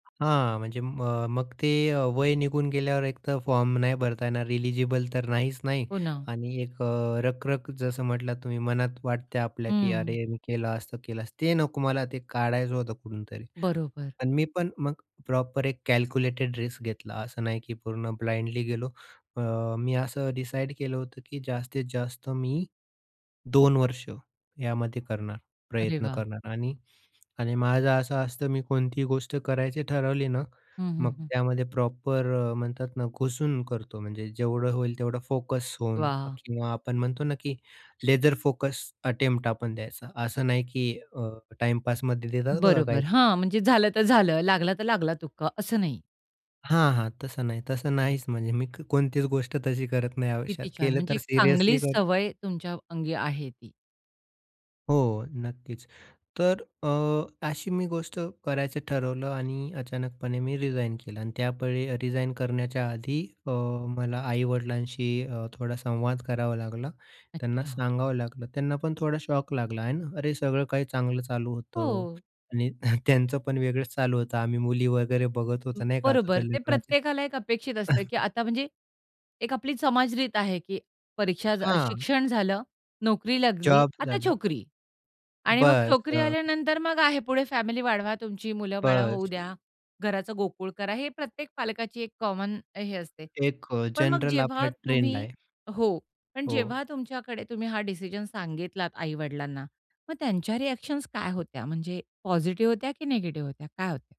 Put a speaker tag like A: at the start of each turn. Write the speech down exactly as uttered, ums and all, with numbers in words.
A: हां, म्हणजे म मग ते अ, वय निघून गेल्यावर एकतर फॉर्म नाही भरता येणार रिलिजिबल तर नाहीच नाही
B: हो ना.
A: आणि एक अ, रख रख जसं म्हटलात तुम्ही मनात वाटते की
B: हं.
A: "अरे मी केलं असतं, केलं असतं" ते नको मला ते काढायचं होतं कुठूनतरी.
B: बरोबर.
A: पण मी पण मग प्रॉपर एक कॅल्क्युलेटेड रिस्क घेतला, असं नाही की पूर्ण ब्लाइंडली गेलो. अ, मी असं डिसाईड केलं होतं, की जास्तीत जास्त मी दोन वर्ष यामध्ये करणार,
B: अरे
A: प्रयत्न
B: वाह!
A: करणार आणि आणि माझं असं असतं मी कोणतीही गोष्ट करायची ठरवली ना,
B: हं, हं,
A: मग
B: हं.
A: त्यामध्ये प्रॉपर अ, म्हणतात ना घुसून करतो. म्हणजे जेवढं होईल तेवढं फोकस होऊन
B: वाह!
A: किंवा आपण म्हणतो ना की लेसर फोकस अटेम्प्ट आपण द्यायचा, असं नाही की अ, टाईम पासमध्ये देतात बघा काही
B: बरोबर. हां. म्हणजे "झालं तर झालं, लागला तर लागला तुक्का" असं नाही.
A: हां, हां. तसं नाही, तसं नाहीच म्हणजे मी कोणतीच गोष्ट तशी करत नाही आयुष्यात.
B: किती छान,
A: केलं
B: म्हणजे
A: तर
B: एक चांगली
A: सिरियसली करतो.
B: सवय तुमच्या अंगी आहे ती.
A: हो, नक्कीच. तर अ, अशी मी गोष्ट करायचं ठरवलं आणि अचानकपणे मी रिजाइन केलं आणि त्या वेळी रिजाइन करण्याच्या आधी अ, मला आई-वडिलांशी अ, थोडा संवाद करावा लागला. त्यांना
B: अच्छा.
A: सांगावं लागलं, त्यांना पण थोडा शॉक लागला आहे ना आणि "अरे सगळं काही चांगलं चालू होतं
B: हो.
A: आणि त्यांचं पण वेगळंच चालू होतं. आम्ही मुली वगैरे बघत होतो नाही का तुझ्या
B: बरोबर, ते
A: लग्नाचे"
B: प्रत्येकाला एक अपेक्षित असतं की आता म्हणजे एक आपली समाज रीत आहे, की परीक्षा अ,
A: हां.
B: शिक्षण झालं. "नोकरी लागली
A: जॉब
B: आता
A: झाला.
B: छोकरी" आणि मग
A: बस.
B: छोकरी
A: हं.
B: आल्यानंतर मग आहे पुढे फॅमिली वाढवा, तुमची मुलं बाळ
A: बस.
B: होऊ द्या, घराचं गोकुळ करा. हे प्रत्येक पालकाची एक कॉमन हे असते.
A: एक अ,
B: पण मग
A: जनरल आपला
B: जेव्हा
A: ट्रेंड
B: तुम्ही
A: आहे.
B: हो, पण
A: हो.
B: जेव्हा तुमच्याकडे तुम्ही हा डिसिजन सांगितलात आई वडिलांना. मग त्यांच्या रिअ‍ॅक्शन्स काय होत्या, म्हणजे पॉझिटिव्ह होत्या की निगेटिव्ह होत्या काय होत्या?